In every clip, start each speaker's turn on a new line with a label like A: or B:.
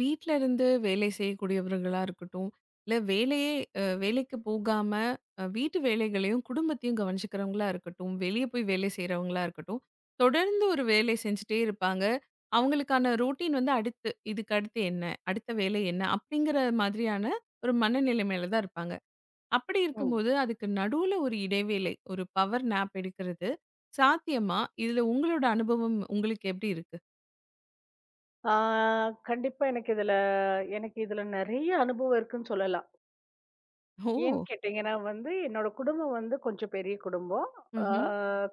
A: வீட்ல இருந்து வேலை செய்யக்கூடியவர்களா இருக்கட்டும், இல்ல வேலையே வேலைக்கு போகாம, வீட்டு வேலைகளையும், குடும்பத்தையும் கவனிச்சுக்கிறவங்களா இருக்கட்டும், வெளிய போய் வேலை செய்யுறவங்களா இருக்கட்டும், தொடர்ந்து ஒரு வேலை செஞ்சுகிட்டே இருப்பாங்க. அவங்களுக்கான ரொட்டின் வந்து, அடுத்து இதுக்கு அடுத்து என்ன? அடுத்த வேலை என்ன அப்படிங்கிற மாதிரியான ஒரு மனநிலைமையில தான் இருப்பாங்க. அப்படி
B: ம்.
A: இருக்கும்போது அதுக்கு நடுவுல ஒரு இடைவேளை. ஒரு பவர் நேப் எடுக்கிறது சாத்தியமா? இதுல, உங்களோட அனுபவம் உங்களுக்கு எப்படி இருக்கு?
B: ஆ. கண்டிப்பா, எனக்கு இதுல எனக்கு இதுல நெறைய அனுபவம் இருக்குன்னு சொல்லலாம். ஏன்!
A: ஓ.
B: கேட்டீங்கன்னா வந்து, என்னோட குடும்பம் வந்து, கொஞ்சம் பெரிய குடும்பம். ஆ.
A: ம்ஹ்ம்.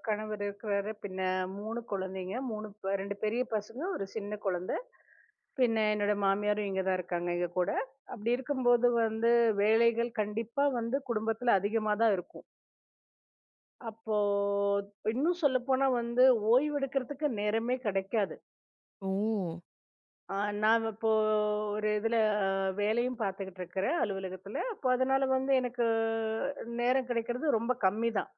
B: கணவர் இருக்றாரு. பின்ன 3 குழந்தைங்க. 3, 2 பெரிய பசங்க! 1 சின்னக் குழந்தை! பின்ன என்னோட மாமியாரும் இங்க தான் இருக்காங்க, எங்க கூட. அப்படி இருக்கும்போது வந்து, வேலைகள் கண்டிப்பா வந்து குடும்பத்துல அதிகமா தான் இருக்கும். அப்போ இன்னும் சொல்லப்போனா வந்து, ஓய்வெடுக்கறதுக்கு நேரமே கிடைக்காது.
A: ஓ.
B: அ நான் இப்போ, ஒரு இதுல வேலையும் பாத்துகிட்டு இருக்கிறன் அலுவலகத்துல. அப்போ அதுனால வந்து, எனக்கு நேரம் கிடைக்குறது ரொம்ப கம்மி தான்.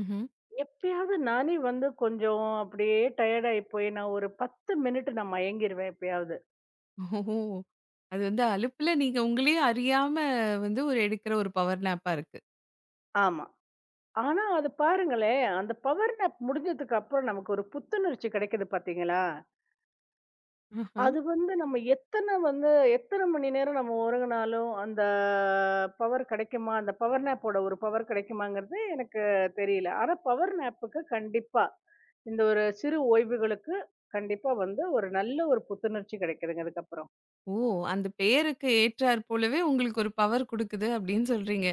A: ம்ஹ்ம்.
B: எப்பயாவது நானே வந்து கொஞ்சம் அப்படியே டயர்டு ஆயி போயினா ஒரு 10 மினிட் மயங்கிருவேன். எப்பயாவது.
A: ஓஹஹோ. அது வந்து. அலுப்புல நீங்க உங்களையே அறியாம வந்து ஒரு எடுக்கிற ஒரு பவர் நேப்பா இருக்கு.
B: ஆமா. ஆனா அது பாருங்களேன். அந்த பவர் நேப் முடிஞ்சதுக்கு அப்புறம் நமக்கு ஒரு புத்துணர்ச்சி கிடைக்குது பாத்தீங்களா?
A: ஆஹம்.
B: அது வந்து நம்ம எத்தன வந்து எத்தன மணி நேரம் நம்ம ஒரங்குனாலும் அந்த பவர் கிடைக்குமா? அந்த பவர் நேப் ஓட ஒரு பவர் கிடைக்குமாங்கிறது எனக்குத் தெரியல. ஆனா பவர் நேப் க்கு கண்டிப்பா இந்த ஒரு சிறு ஓய்வுகளுக்கு கண்டிப்பா வந்து ஒரு நல்ல ஒரு புத்துணர்ச்சி கிடைக்குது. அதுக்கு அப்புறம்.
A: ஓ! அந்தப் பேருக்கு ஏற்றார் போலவே உங்களுக்கு ஒரு பவர் கொடுக்குது அப்டின்னு சொல்றீங்க.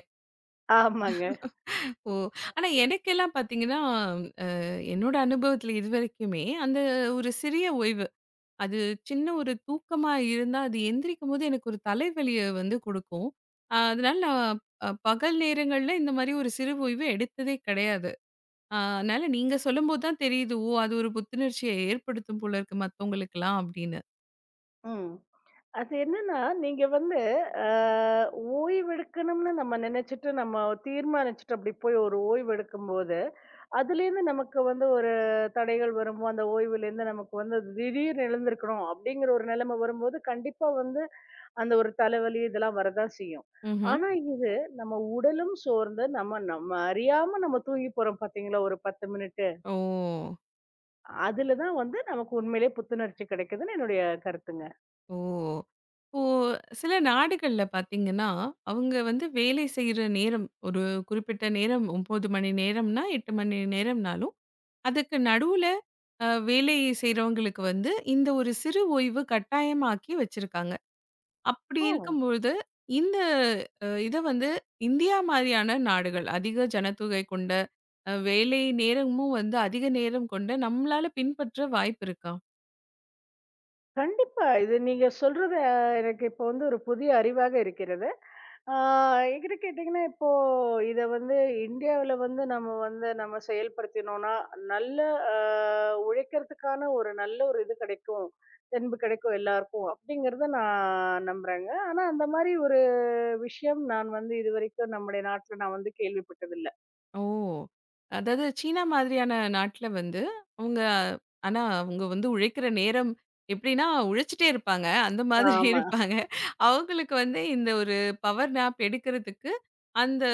B: ஆமாங்க.
A: ஓ ஆனா எனக்கெல்லாம் பாத்தீங்கன்னா அ என்னோட அனுபவத்துல இதுவரைக்குமே அந்த ஒரு சிறிய ஓய்வு அது சின்ன ஒரு தூக்கமா இருந்தா அது எந்திரிக்கும்போது எனக்கு ஒரு தலைவலிய வந்து கொடுக்கும். அதனால நான் பகல் நேரங்கள்ல இந்த மாரி ஒரு சிறு ஓய்வு எடுத்ததே கெடையாது. அதனால நீங்க சொல்லும்போது தான் தெரியுது. அது ஒரு புத்துணர்ச்சிய ஏற்படுத்தும் போல இருக்கு. மத்தவங்களுக்குல்லாம் அப்படின்னு.
B: ம். அது என்னன்னா நீங்க வந்து அ ஓய்வெடுக்கணும்னு நம்ம நினைச்சுட்டு, நம்ம தீர்மானிச்சுட்டு அப்படி போய் ஒரு ஓய்வெடுக்கும் போது, அதுல இருந்து, நமக்கு வந்து ஒரு தடைகள் வரும். அந்த ஓய்வுல இருந்து, நமக்கு வந்து திடீர் எழுந்திருக்கனும் அப்படிங்கற ஒரு நெலைமை வரும்போது, கண்டிப்பா வந்து அந்த ஒரு தலைவலி இதெல்லாம் வரத்தான் செய்யும்.
A: ம்ஹ்ம்.
B: ஆனா இது, நம்ம உடலும் சோர்ந்து நம்ம நம்ம அறியாம நம்ம தூங்கி போறோம் பாத்தீங்களா, ஒரு 10 மினிட்டு!
A: ஓ.
B: அதுல தான் வந்து, நமக்கு உண்மையிலேயே புத்துணர்ச்சி கெடைக்குதுன்னு என்னுடைய கருத்துங்க.
A: ஓ. ஓ. சில நாடுகள்ல பாத்தீங்கன்னா, அவங்க வந்து வேலை செய்ற நேரம், ஒரு குறிப்பிட்ட நேரம் 9 மணி நேரம்ன்னா, 8 மணி நேரம்னாலும் அதுக்கு நடுவுல அ வேலை செய்றவங்களுக்கு வந்து, இந்த ஒரு சிறு ஓய்வு கட்டாயமாக்கி வச்சிருக்காங்க. அப்படி
B: ஓ.
A: இருக்கும்பொழுது இந்த இத வந்து இந்தியா மாரியான நாடுகள் அதிக ஜனத்தொகை கொண்ட வேலை நேரமும் வந்து, அதிக நேரம் கொண்ட நம்மளால பின்பற்ற வாய்ப்பு இருக்கா?
B: கண்டிப்பா, இது நீங்கச் சொல்றது, எனக்கு இப்போ வந்து ஒரு புதிய அறிவாக இருக்கிறது! ஆ என்கிட்ட கேட்டீங்கன்னா, இப்போ இத வந்து இந்தியாவில வந்து, நாம வந்து நாம செயல்படுத்தினோன்னா, நல்லா அ உழைக்கறதுக்கான ஒரு நல்ல ஒரு இது கெடைக்கும், தென்பு கெடைக்கும் எல்லாருக்கும் அப்படிங்கறத நான் நம்புறங்க. ஆனா, அந்த மாரி ஒரு விஷயம் நான் வந்து, இதுவரைக்கும் நம்முடைய நாட்டுல நான் வந்து கேள்விப்பட்டதில்ல.
A: ஓ. அதாது சீனா மாரியான நாட்டுல வந்து, அவுங்க ஆனா, அவுங்க வந்து உழைக்கிற நேரம் எப்படின்னா உழைச்சுட்டே இருப்பாங்க. அந்த மாதிரி
B: ஆமா.
A: இருப்பாங்க. அவுங்களுக்கு வந்து இந்த ஒரு பவர் நேப் எடுக்குறதுக்கு, அந்த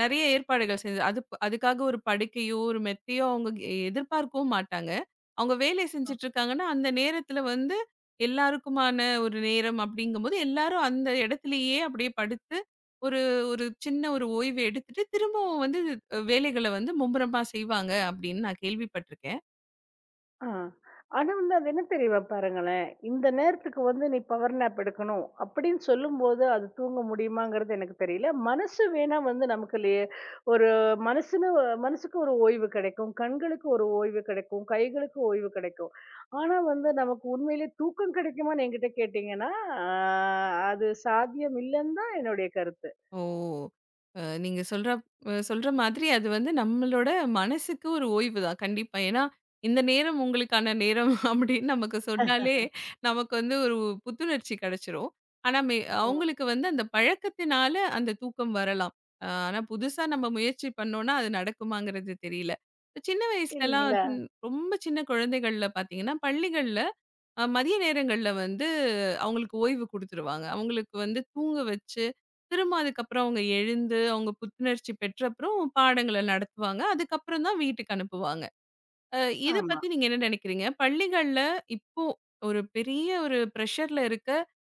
A: நெறைய ஏற்பாடுகள் செய்து, அது அதுக்காக ஒரு படுக்கையோ, ஒரு மெத்தயோ அவுங்க எதிர்பார்க்கவும் மாட்டாங்க. அவுங்க வேலை
B: ஆ!
A: செஞ்சிட்டு இருக்காங்கனா, அந்த நேரத்துல வந்து, எல்லாருக்குமான ஒரு நேரம் அப்படிங்கும்போது எல்லாரும் அந்த இடத்திலேயே, அப்படியே படுத்து ஒரு ஒரு சின்ன ஒரு ஓய்வு எடுத்துட்டு திரும்பவும் வந்து வேலைகளை வந்து மும்முரமா செய்வாங்க, அப்படின்னு நான் கேள்விப்பட்டிருக்கேன்.
B: ஆஹ்! ஆனா வந்து, அது என்ன தெரியுமா, பாருங்களேன்! இந்த நேரத்துக்கு வந்து, நீ பவர் நேப் எடுக்கணும்! அப்படின்னு சொல்லும்போது ,அது தூங்க முடியுமாங்கறது எனக்குத் தெரியல. மனசு வேணா வந்து, நமக்குள்ளயே ஒரு மனசு மனசுக்கு ஒரு ஓய்வு கெடைக்கும். கண்களுக்கு ஒரு ஓய்வு கெடைக்கும். கைகளுக்கு ஓய்வு கெடைக்கும். ஆனா வந்து, நமக்கு உண்மையிலே தூக்கம் கெடைக்குமான்னு என்கிட்ட கேட்டீங்கன்னா, அ அது சாத்தியம் இல்லன்னு தான் என்னுடைய கருத்து.
A: ஓ. அ நீங்க சொல்ற சொல்ற மாதிரி, அது வந்து நம்மளோட மனசுக்கு ஒரு ஓய்வு தான். கண்டிப்பா. ஏன்னா இந்த நேரம் உங்களுக்கான நேரம் அப்படின்னு நமக்கு சொன்னாலே, நமக்கு வந்து ஒரு புத்துணர்ச்சி கெடச்சுரும். ஆனா,
B: ஓ.
A: அவுங்களுக்கு வந்து அந்தப் பழக்கத்துனால, அந்தத் தூக்கம் வரலாம். ஆனா, புதுசா நம்ம முயற்சி பண்ணோம்னா, அது நடக்குமாங்கறது தெரியல. சின்ன வயசுலலாம்,
B: இல்லீங்களா?
A: ரொம்ப சின்னக் குழந்தைகள்ல பாத்தீங்கன்னா, பள்ளிகள்ல மதிய நேரங்கள்ல வந்து, அவுங்களுக்கு ஓய்வு குடுத்துருவாங்க. அவுங்களுக்கு வந்து தூங்க வச்சு, திரும்ப அதுக்கப்புறம் அவங்க எழுந்து, அவங்க புத்துணர்ச்சி பெற்ற அப்புறம் பாடங்கள நடத்துவாங்க. அதுக்கப்புறம் தான், வீட்டுக்கு அனுப்புவாங்க. இது
B: ஆமா.
A: பத்தி நீங்க என்ன நெனைக்கிறீங்க? பள்ளிகள்ல இப்போ ஒரு பெரிய ஒரு பிரஷர்ல இருக்க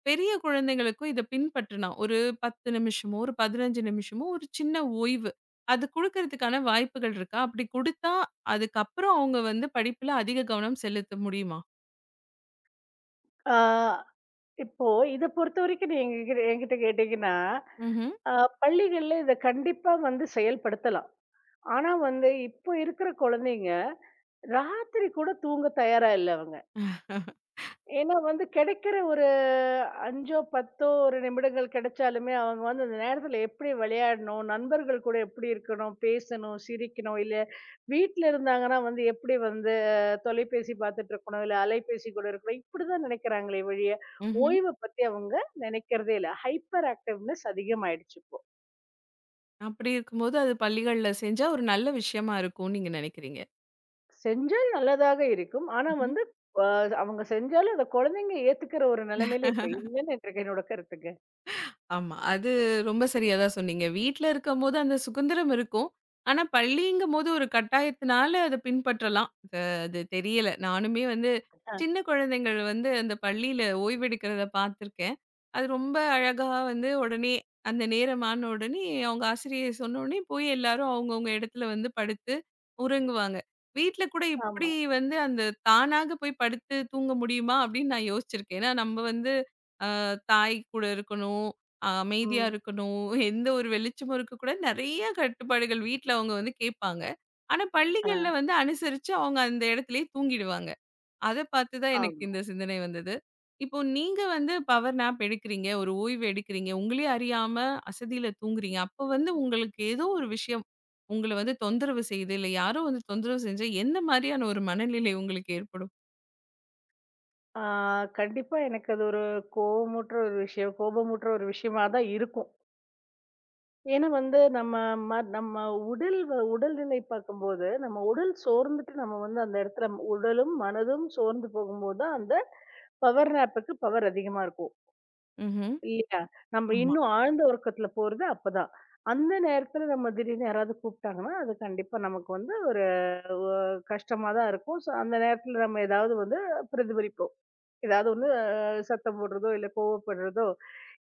A: பெரிய குழந்தைகளுக்கும் இத பின்பற்றணும். ஒரு 10 நிமிஷமோ, ஒரு 15 நிமிஷமோ ஒரு சின்ன ஓய்வு. அது குடுக்கறதுக்கான வாய்ப்புகள் இருக்கா? அப்படி குடுத்தா அதுக்கப்புறம் அவுங்க வந்து, படிப்புல அதிக கவனம் செலுத்த முடியுமா?
B: ஆ. இப்போ இத பொறுத்த வரைக்கும் நீங்க என்கி என்கிட்ட கேட்டீங்கன்னா,
A: ம்ஹ்ம்.
B: ஆ. பள்ளிகள்ல இத கண்டிப்பா வந்து செயல்படுத்தலாம். ஆனா வந்து இப்போ இருக்கற கொழந்தைங்க ராத்திரி கூடத் தூங்க தயாரா இல்ல அவுங்க. ஏன்னா, வந்து கெடைக்கற ஒரு 5ஓ 10ஓ ஒரு நிமிடங்கள் கெடைச்சாலுமே அவுங்க அந்த நேரத்துல எப்பிடி வெளையாடணும்? நண்பர்கள் கூட எப்பிடி இருக்கணும், பேசணும், சிரிக்கணும் இல்லயா, வீட்டுல இருந்தாங்கன்னா வந்து எப்பிடி வந்து தொலைபேசி பாத்துட்டு இருக்கணும், இல்ல அலைபேசி கூட இருக்கணும். இப்பிடி தான் நெனைக்கிறாங்களே ஒழிய,
A: ம்ஹ்ம்.
B: ஓய்வ பத்தி அவங்க நெனைக்கறதே இல்ல. ஹைபர் ஆக்டிவ்னஸ் அதிகம் ஆயிடுச்சு. இப்போ.
A: அப்படி இருக்கும்போது அது பள்ளிகள்ல செஞ்சா, ஒரு நல்ல விஷயமா இருக்குன்னு நீங்க நெனைக்கிறீங்க.
B: செஞ்சா நல்லதாக இருக்கும். ஆனா
A: ம்ஹ்ம்.
B: வந்து ப அவுங்க செஞ்சாலும் அந்தக் கொழந்தைங்க ஏத்துக்கற ஒரு நிலைமையில இப்ப இல்லன்னு என்ற என்னோட கருத்துங்க.
A: ஆமா. அது ரொம்ப சரியா தான் சொன்னீங்க. வீட்ல இருக்கும்போது அந்த சுதந்திரம் இருக்கும். ஆனா பள்ளிங்கும்போது ஒரு கட்டாயத்துனால அத பின்பற்றலாம். அது அது தெரியல. நானுமே வந்து சின்னக் கொழந்தைகள் வந்து அந்தப் பள்ளியில ஓய்வு எடுக்கறத பாத்துருக்கேன். அது ரொம்ப அழகா வந்து உடனே அந்த நேரம் ஆன உடனே அவுங்க ஆசிரியர் சொன்னவுடனே போய் எல்லாரும் அவுங்க, அவுங்க எடத்துல வந்து படுத்து உறங்குவாங்க. வீட்ல கூட இப்பிடி
B: ஆமா.
A: வந்து அந்த தானாகப் போய் படுத்துத் தூங்க முடியுமா! அப்பிடின்னு நான் யோசிச்சிருக்கேன். ஏனா நம்ம வந்து அ. தாய்கூட இருக்கணும், அ. அமைதியா
B: ம்.
A: இருக்கணும். எந்த ஒரு வெளிச்சமும் இருக்கக் கூடாது. நெறைய கட்டுப்பாடுகள் வீட்ல அவுங்க வந்து கேப்பாங்க. ஆனா பள்ளிகள்ல
B: ஆ.
A: வந்து அனுசரிச்சு அவுங்க அந்த எடத்துலேயே தூங்கிடுவாங்க. அத பாத்து தான் எனக்கு
B: ஆமா.
A: இந்த சிந்தனை வந்தது. இப்போ நீங்க வந்து பவர் நாப் எடுக்குறீங்க. ஒரு ஓய்வு எடுக்குறீங்க. உங்களையே அறியாம அசதியில தூங்குறீங்க. அப்போ வந்து உங்களுக்கு ஏதோ ஒரு விஷயம் உங்கள வந்து தொந்தரவு செய்து, இல்ல யாரோ வந்து தொந்தரவு செஞ்சா, என்ன மாரியான ஒரு மனநிலை உங்களுக்கு ஏற்படும்?
B: ஆ. கண்டிப்பா எனக்கு அது ஒரு, கோவமூட்ற ஒரு விஷயம் கோபமூட்ற ஒரு விஷயமாதான் இருக்கும். ஏன்னா வந்து நம்ம ம நம்ம உடல் வ உடல்நிலை பாக்கும்போது, நம்ம உடல் சோர்ந்துட்டு நம்ம வந்து அந்த எடத்துல உடலும் மனதும் சோர்ந்து போகும்போதான், அந்தப் பவர் நாப்க்கு பவர் அதிகமா இருக்கும்.
A: ம்ஹ்ம்.
B: இல்லயா! நம்ம
A: ஆமா.
B: இன்னும் ஆழ்ந்த உறக்கத்துல போறது அப்பதான். அந்த நேரத்துல நம்ம திடீர்னு யாராவது கூப்ட்டாங்கன்னா, அது கண்டிப்பா நமக்கு வந்து ஒரு ஒ. கஷ்டமாதான் இருக்கும். சோ அந்த நேரத்துல நம்ம ஏதாவது வந்து பிரதிபலிப்போம். ஏதாவது ஒண்ணு சத்தம் போடுறதோ, இல்ல கோபப்படுறதோ,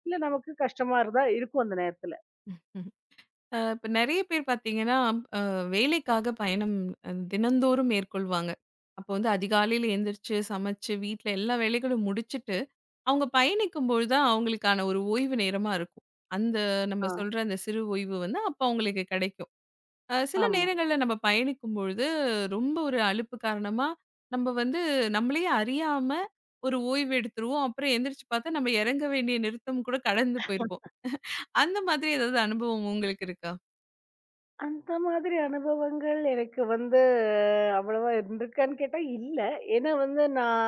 B: இல்ல நமக்குக் கஷ்டமா இருந்தா இருக்கும் அந்த நேரத்துல.
A: அ. இப்ப நெறையப் பேரு பாத்தீங்கன்னா, அ. வேலைக்காக பயணம் தினந்தோறும் மேற்கொள்வாங்க. அப்போ வந்து அதிகாலையில எந்திரிச்சு, சமச்சு வீட்ல எல்லா வேலைகளும் முடிச்சிட்டு அவுங்க பயணிக்கும்போதுதான், அவுங்களுக்கான ஒரு ஓய்வு நேரமா இருக்கும். அந்த நம்ம
B: ஆ.
A: சொல்ற அந்த சிறு ஓய்வு வந்து அப்ப அவுங்களுக்குக் கெடைக்கும். அ. சில
B: ஆமா.
A: நேரங்கள்ல நம்ம பயணிக்கும்பொழுது, ரொம்ப ஒரு அலுப்பு காரணமா நம்ம வந்து நம்மளேயே அறியாம ஒரு ஓய்வு எடுத்துருவோம். அப்பறம் எந்திரிச்சு பாத்தா, நம்ம எறங்கவேண்டிய நிறுத்தம்கூட கடந்து போயிருக்கும். அந்தமாதிரி எதாவது அனுபவம் உ உங்களுக்கு இருக்கா?
B: அந்த மாதிரி அனுபவங்கள் எனக்கு வந்து அவ்வளவா இருக்கான்னு கேட்டா இல்ல. ஏன்னா வந்து, நான்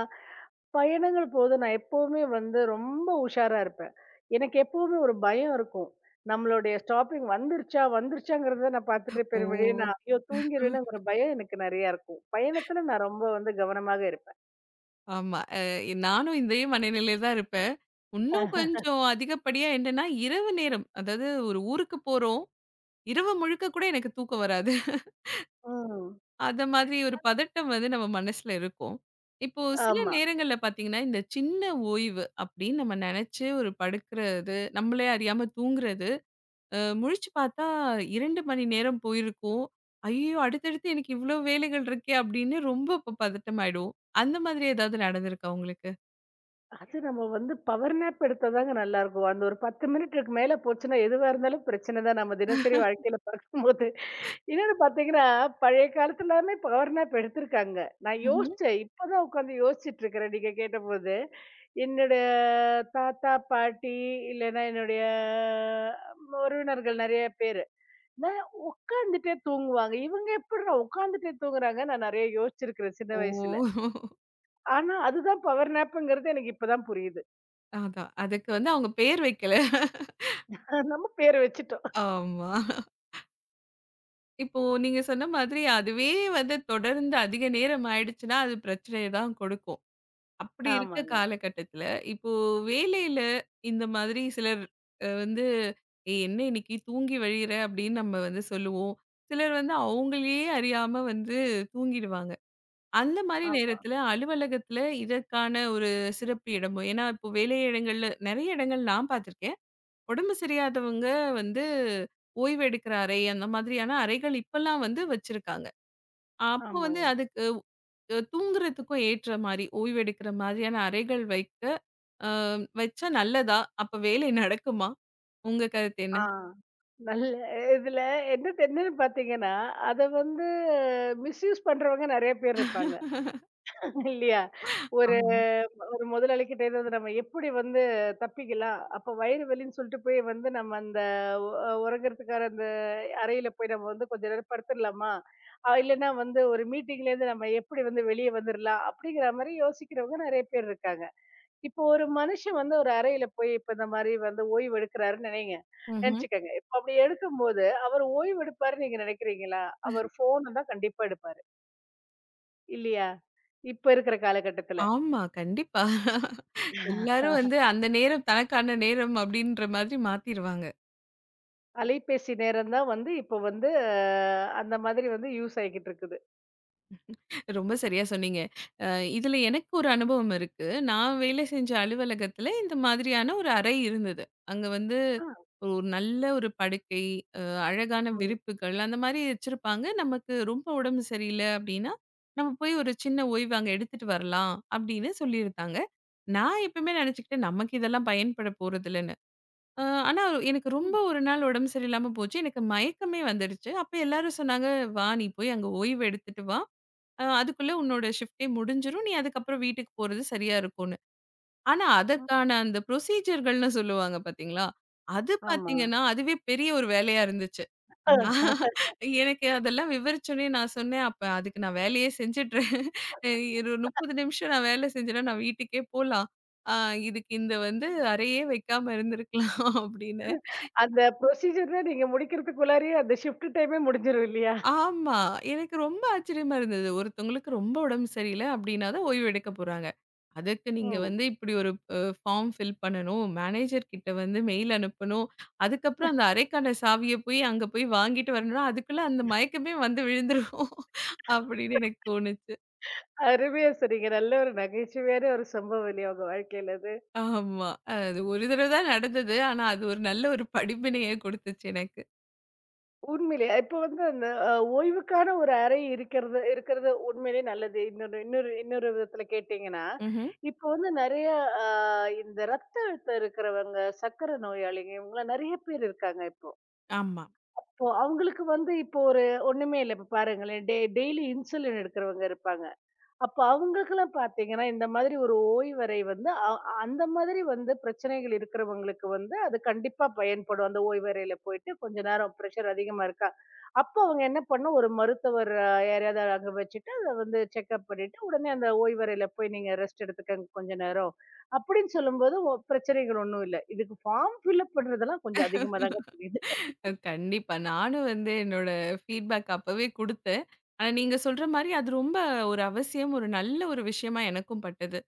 B: பயணங்கள் போது, நான் எப்பவுமே வந்து ரொம்ப உஷாரா இருப்பேன். எனக்கு எப்பவுமே ஒரு பயம் இருக்கும். நம்மளுடைய ஸ்டாப்பிங் வந்துருச்சா, வந்துருச்சான்றத நான் பாத்துட்டு பெருமளவிலே
A: ஓ.
B: நான் தூங்கிடுவேன்னு ஒரு பயம் எனக்கு நெறைய இருக்கும். பயணத்துல, நான் ரொம்ப வந்து கவனமாக இருப்பன்.
A: ஆமா. அ நானும் இதே மனநிலைல தான் இருப்பன். இன்னும் கொஞ்சம் அதிகப்படியா என்னன்னா, இரவு நேரம்! அதாவது ஒரு ஊருக்குப் போறோம். இரவு முழுக்க கூட எனக்குத் தூக்கம் வராது.
B: ம்.
A: அத மாதிரி ஒரு பதட்டம் வந்து, நம்ம மனசுல இருக்கும். இப்போ சில
B: ஆமா.
A: நேரங்கள்ல பாத்தீங்கன்னா, இந்தச் சின்ன ஓய்வு அப்படின்னு நம்ம நெனைச்சு ஒரு படுக்கிறது, நம்மளே அறியாம தூங்குறது. அ முழிச்சு பாத்தா 2 மணி நேரம் போயிருக்கும். ஐய்யயோ! அடுத்தடுத்து எனக்கு இவ்ளோ வேலைகள் இருக்கே, அப்படின்னு ரொம்ப இப் பதட்டமாயிடுவோம். அந்த மாதிரி எதாவது நடந்துருக்கா, உங்களுக்கு?
B: அது, நம்ம வந்து பவர் நேப் எடுத்தாதாங்க நல்லா இருக்கும். அந்த ஒரு 10 மினிட் மேல போச்சுன்னா, எதுவா இருந்தாலும் பிரச்சன தான். நம்ம தினசரி வாழ்க்கையில பாக்கும்போது, இன்னொன்னு பாத்தீங்கன்னா, பழைய காலத்துல எல்லாமே பவர் நேப் எடுத்திருக்காங்க. நான்
A: ம்ஹ்ம்.
B: யோசிச்சன். இப்பதான் உக்காந்து யோசிச்சிட்டு இருக்கிறன், நீங்கக் கேட்டபோது! என்னோட தாத்தா, பாட்டி இல்லைனா என்னுடைய உறவினர்கள் நெறைய பேரு, என்ன உக்காந்துட்டே தூங்குவாங்க. இவங்க எப்படிட்ரா உக்காந்துட்டே தூங்குறாங்கன்னு நான் நெறைய யோசிச்சிருக்கிறன் சின்ன
A: ஓ.
B: வயசுல. ஆனா, அதுதான் பவர் நேப்ங்கிறது எனக்கு இப்போதான் புரியுது.
A: அதான்! அதுக்கு வந்து, அவங்க பெயர் வைக்கலை.
B: நம்ம பேர் வச்சுட்டோம்.
A: ஆமா. இப்போ நீங்க சொன்ன மாதிரி, அதுவே வந்து தொடர்ந்து அதிக நேரம் ஆயிடுச்சுன்னா, அது பிரச்சனைய தான் குடுக்கும். அப்படி இருக்க
B: ஆமாங்க.
A: காலகட்டத்துல, இப்போ வேலையில இந்த மாதிரி சிலர் வந்து, ஏய்! என்ன இன்னைக்கு தூங்கி வழியறே அப்படின்னு நம்ம வந்து சொல்லுவோம். சிலர் வந்து அவங்களே அறியாம வந்து தூங்கிடுவாங்க. அந்த மாரி
B: ஆமா.
A: நேரத்துல அலுவலகத்துல இதற்கான ஒரு சிறப்பு இடமும், என்னா இப்போ வேலையிடங்கள்ல நெறைய இடங்கள்ல நான் பாத்துருக்கன். உடம்பு சரியாதவங்க வந்து ஓய்வு எடுக்கிற அறை, அந்த மாதிரியான அறைகள் இப்பல்லாம் வந்து வச்சிருக்காங்க. அப்போ வந்து
B: ஆமாங்க.
A: அதுக்கு தூங்குறதுக்கும் ஏற்ற மாரி, ஓய்வு எடுக்குற மாரியான அறைகள் வைக்க, அ வச்சா நல்லதா? அப்போ வேலை நடக்குமா? உங்க கருத்து என்ன?
B: ஆங்! நல்ல இதுல என்ன தெரியுன்னு பாத்தீங்கன்னா! அத வந்து மிஸ்யூஸ் பண்றவங்க, நெறைய பேர் இருப்பாங்க. இல்லயா? ஒரு
A: ஆமா.
B: ஒரு முதலாளி கிட்ட இருந்து நம்ம எப்படி வந்து தப்பிக்கலாம்? அப்ப வயிறு வலின்னு சொல்லிட்டு போயி வந்து, நம்ம அந்த ஒ ஒறங்குறதுக்கான அந்த அறையில போய் நம்ம வந்து, கொஞ்ச நேரம் படுத்துடுலாமா? அ இல்லைன்னா வந்து ஒரு மீட்டிங்லேந்து நம்ம எப்படி வந்து, வெளிய வந்துடுலாம் அப்படிங்கிற மாரி யோசிக்கிறவங்க, நெறைய பேர் இருக்காங்க. இப்போ ஒரு மனுஷன் வந்து, ஒரு அறையில போயி, இப்ப இந்த மாரி வந்து ஓய்வு எடுக்கிறான்னு நெனைங்க
A: ம்ஹ்ம்.
B: நெனச்சுக்கங்க. அப்படி எடுக்கும்போது, அவரு ஓய்வு எடுப்பாருன்னு நீங்க நெனைக்கறீங்களா? அவர் ஃபோன தான் கண்டிப்பா எடுப்பாரு. இல்லையா? இப்ப இருக்கிற காலகட்டத்துல.
A: ஆமா கண்டிப்பா. எல்லாரும் வந்து அந்த நேரம் தனக்கான நேரம் அப்படின்ற மாதிரி மாத்திருவாங்க.
B: அலைபேசி நேரம் தான் வந்து இப்போ வந்து அந்த மாதிரி வந்து யூஸ் ஆயிட்டு இருக்குது.
A: ரொம்ப சரியா சொன்னீங்க. இதுல எனக்கு ஒரு அனுபவம் இருக்கு. நான் வேலை செஞ்ச அலுவலகத்துல இந்த மாதிரியான ஒரு அறை இருந்தது. அங்க வந்து
B: ஆ.
A: ஒரு நல்ல ஒரு படுக்கை, அழகான
B: ஓ!
A: விரிப்புகள் அந்த மாரி வச்சிருப்பாங்க. நமக்கு ரொம்ப உடம்பு சரியில்ல அப்டின்னா, நம்ம போய் ஒரு சின்ன ஓய்வு அங்க எடுத்துட்டு வரலாம் அப்டின்னு சொல்லியிருக்காங்க. நான் எப்பவுமே நெனைச்சுக்கிட்டேன். நமக்கு இதெல்லாம் பயன்பட போறதில்லன்னு. அ ஆனா எனக்கு ரொம்ப
B: ம்.
A: ஒரு நாள் உடம்பு சரியில்லாம போச்சு. எனக்கு மயக்கமே வந்துருச்சு. அப்போ எல்லாரும் சொன்னாங்க, வா நீ போய் அங்க ஓய்வு எடுத்துட்டு வா. அதுக்குள்ள உன்னோட ஷிப்ட்டே முடிஞ்சிரும். நீ அதுக்கப்புறம் வீட்டுக்கு போறது சரியா இருக்குன்னு. ஆனா
B: [unintelligible]
A: அதற்கான அந்த ப்ரோஸிஸர் -கள்னு சொல்லுவாங்க பாத்தீங்களா, அது
B: ஆமா.
A: பாத்தீங்கன்னா அதுவே பெரிய ஒரு வேலையா இருந்துச்சு. நான், எனக்கு அதெல்லாம் விவரிச்சவுடனே நான் சொன்னேன். அப்ப அதுக்கு நான் வேலையையே செஞ்சறேன், ஒரு 30 நிமிஷம் நான் வேலை செஞ்சன்னா நான் வீட்டுக்கே போலாம். அ இதுக்கு இந்த வந்து அறையே வைக்காம இருந்திருக்கலாம் அப்டின்னு.
B: அந்த ப்ரோஸிஜர் நீங்க முடிக்கறதுக்குள்ளே அந்த ஷிப்ட் டைம் முடிஞ்சிரும் இல்லையா?
A: ஆமா. எனக்கு ரொம்ப ஆச்சரியமா இருந்தது. ஒருத்தவுங்களுக்கு ரொம்ப உடம்பு சரியில்ல அப்படின்னா தான் ஓய்வு எடுக்கப்போறாங்க. அதுக்கு நீங்க
B: ம்.
A: வந்து இப்படி ஒரு ஒரு பார்ம் ஃபில் பண்ணனும். மேனேஜர் கிட்ட வந்து மெயில் அனுப்பணும். அதுக்கப்புறம் அந்த அறைக்கான சாவிய அங்க போய் வாங்கிட்டு வரணும். அதுக்குள்ள அந்த மயக்கமே வந்து விழுந்துடும் அப்படின்னு எனக்கு தோணுச்சு.
B: [unintelligible] அருமையா சொன்னிங்க. நல்ல ஒரு நகைச்சுவையான ஒரு சம்பவம் இல்லையா? உங்க வாழ்க்கையில அது.
A: ஆமா அது ஒரு தடவைதான் நடந்தது. ஆனா அது ஒரு நல்ல ஒரு படிப்பினையை குடுத்துச்சு எனக்கு.
B: உண்மையிலே இப்போ வந்து அந்த அ, ஓய்வுக்கான ஒரு அறை இருக்கிறது இருக்கிறது உண்மையிலே நல்லது. இன்னொரு இன்னொரு இன்னொரு விதத்துல கேட்டீங்கன்னா,
A: ம்ஹ்ம்.
B: இப்போ வந்து நெறைய அ, இந்த ரத்த அழுத்தம் இருக்கிறவங்க, சர்க்கரை நோயாளிகள் இவங்களை நெறைய பேர் இருக்காங்க இப்போ.
A: ஆமா.
B: அவங்களுக்கு வந்து இப்போ ஒரு ஒண்ணுமே இல்லை. இப்போ பாருங்களேன் டெய் டெய்லி இன்சுலின் எடுக்குறவங்க இருப்பாங்க. அப்போ அவங்களுக்கு எல்லாம் பாத்தீங்கன்னா இந்த மாதிரி ஒரு ஓய்வறை வந்து அ அந்த மாதிரி வந்து பிரச்சனைகள் இருக்கிறவங்களுக்கு வந்து அது கண்டிப்பா பயன்படும். அந்த ஓய்வறையில போயிட்டு கொஞ்ச நேரம் ப்ரெஷ்ஷர் அதிகமா இருக்கா? அப்போ அவங்க என்ன பண்ணும்? ஒரு மருத்துவர் யாரையாவது அங்க வச்சிட்டு அதை வந்து செக்கப் பண்ணிட்டு உடனே அந்த ஓய்வறைல போய் நீங்க ரெஸ்ட் எடுத்துக்கோங்க கொஞ்ச நேரம் அப்படின்னு சொல்லும்போது ஒ பிரச்சனைகள் ஒண்ணும் இல்லை. இதுக்கு ஃபார்ம் ஃபில் அப் பண்றதெல்லாம் கொஞ்சம் அதிகமாதாங்க தெரியுது.
A: கண்டிப்பா நானும் வந்து என்னோட ஃபீட் பேக் அப்பவே குடுத்தேன். ஆனா நீங்கச் சொல்ற மாரி அது ரொம்ப ஒரு அவசியம், ஒரு நல்ல ஒரு விஷயமா எனக்கும் பட்டது.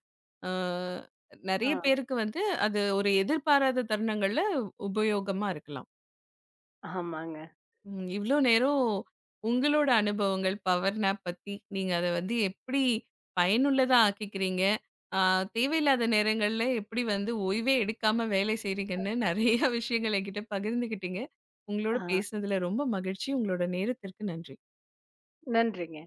A: அ நெறைய
B: அ.
A: பேருக்கு வந்து அது ஒரு எதிர்பாராத தருணங்கள்ல உபயோகமா இருக்கலாம்.
B: ஆமாங்க.
A: ம், இவ்ளோ நேரம் உங்களோட அனுபவங்கள் பவர் நேப் பத்தி நீங்க அதை வந்து எப்படி பயனுள்ளதா ஆக்கிக்கிறீங்க, அ தேவையில்லாத நேரங்கள்ல எப்படி வந்து ஓய்வே எடுக்காம வேலை
B: அ.
A: செய்கிறீங்கன்னு நிறையா விஷயங்களை என்கிட்ட பகிர்ந்துக்கிட்டீங்க. உங்களோட
B: ஆ.
A: பேசுனதுல ரொம்ப மகிழ்ச்சி. உங்களோட நேரத்திற்கு நன்றி.
B: நன்றிங்க.